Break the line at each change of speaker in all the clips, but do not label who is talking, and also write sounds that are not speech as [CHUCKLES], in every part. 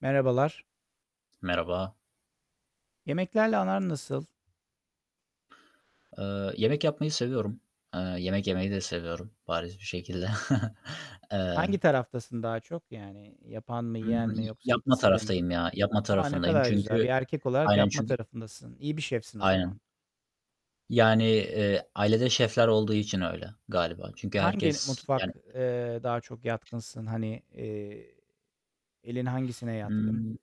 Merhabalar.
Merhaba.
Yemeklerle aran nasıl?
Eee, yemek yapmayı seviyorum. Eee, yemek yemeyi de seviyorum bariz bir şekilde. [CHUCKLES]
Hangi
Eee
taraftasın daha çok? Yani, yapan mı, yiyen
Imm,
mi yoksa
yapma
ikisi de mi?
taraftayım ya, yapma
A, ne
tarafındayım.
kadar güzel!
Çünkü
Bir erkek olarak
Aynen
yapma
çünkü
tarafındasın. İyi bir şefsin, o zaman.
Aynen. Yani, eee, ailede şefler olduğu için öyle galiba. Çünkü
Hangi
herkes, yani
mutfak, eee, daha çok yatkınsın? Hani, eee, elin hangisine yatkın?
Imm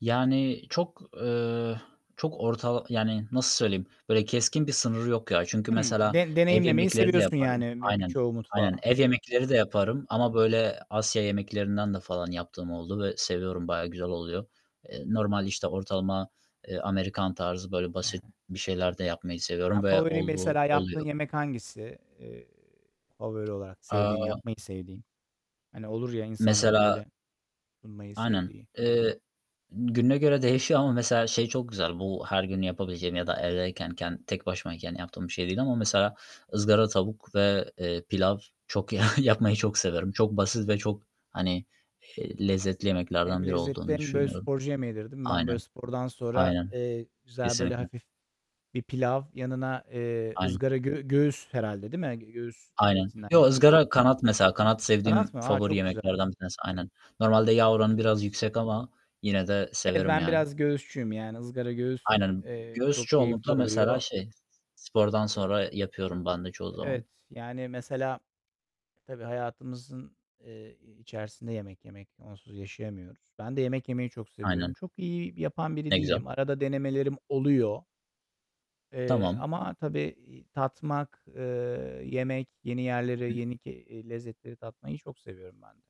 Yani, çok, eee, çok ortal Yani, nasıl söyleyeyim? Böyle, keskin bir sınırı yok, ya. Çünkü
Hımm,
mesela,
de
ev
deneyimlemeyi
yemekleri de
seviyorsun
yaparım
yani, bir
Aynen,
birçoğu
aynen.
mutfağa.
Ev
Çok güzel.
yemekleri de yaparım ama böyle, Asya yemeklerinden de falan yaptığım oldu ve seviyorum. Bayağı güzel oluyor. Eee, normal, işte, ortalama, eee, Amerikan tarzı, böyle, basit
[UNINTELLIGIBLE]
bir şeyler de yapmayı
Ya,
seviyorum ve
favori,
olduğu
mesela, yaptığın
oluyor.
yemek hangisi? Eee, favori olarak sevdiğin
Aaa
yapmayı sevdiğin. Hani, olur, ya, insanların,
Mesela
böyle, sunmayı
Aynen,
sevdiği.
eee, gününe göre değişiyor ama mesela, şey çok güzel. Bu her gün yapabileceğim ya da evdeyken, ken tek başımayken yaptığım bir şey değil ama mesela, ızgara tavuk ve eee, pilav çok ya yapmayı çok severim. Çok basit ve çok, hani, eee, lezzetli
Hem
yemeklerden biri
lezzetli
olduğunu
hem böyle,
düşünüyorum.
sporcu yemeğidir, değil mi? Ben, böyle,
Aynen,
spordan sonra,
aynen.
eee, güzel, böyle,
Kesinlikle.
hafif bir pilav yanına, eee,
Aynen.
ızgara gö göğüs herhâlde, değil mi? Göğüs
Aynen.
etinden
Yo,
yapıyorsun.
ızgara kanat, mesela. Kanat
Kanat
sevdiğim
mı? Aaa,
favori
çok güzel!
yemeklerden bir tanesi. Aynen. Normalde yağ
Çok
oranı
güzel.
biraz yüksek ama yine de
Ev
severim,
ben
yani.
biraz göğüsçüyüm. Yani, ızgara göğüs,
Aynen.
eee,
Göğüs
çok keyifli
çoğunlukla, mesela,
oluyor.
şey, spordan sonra
Eee
yapıyorum ben de çoğu zaman.
Evet, yani, mesela, tabii hayatımızın, eee, içerisinde yemek yemek. Onsuz yaşayamıyoruz. Ben de yemek yemeyi çok seviyorum.
Aynen.
Çok iyi yapan biri
Ne güzel!
değilim. Arada denemelerim oluyor. Eee,
Tamam.
ama tabii i tatmak, eee, yemek, yeni yerleri,
[UNINTELLIGIBLE]
yeni ke eee, lezzetleri tatmayı çok seviyorum ben de.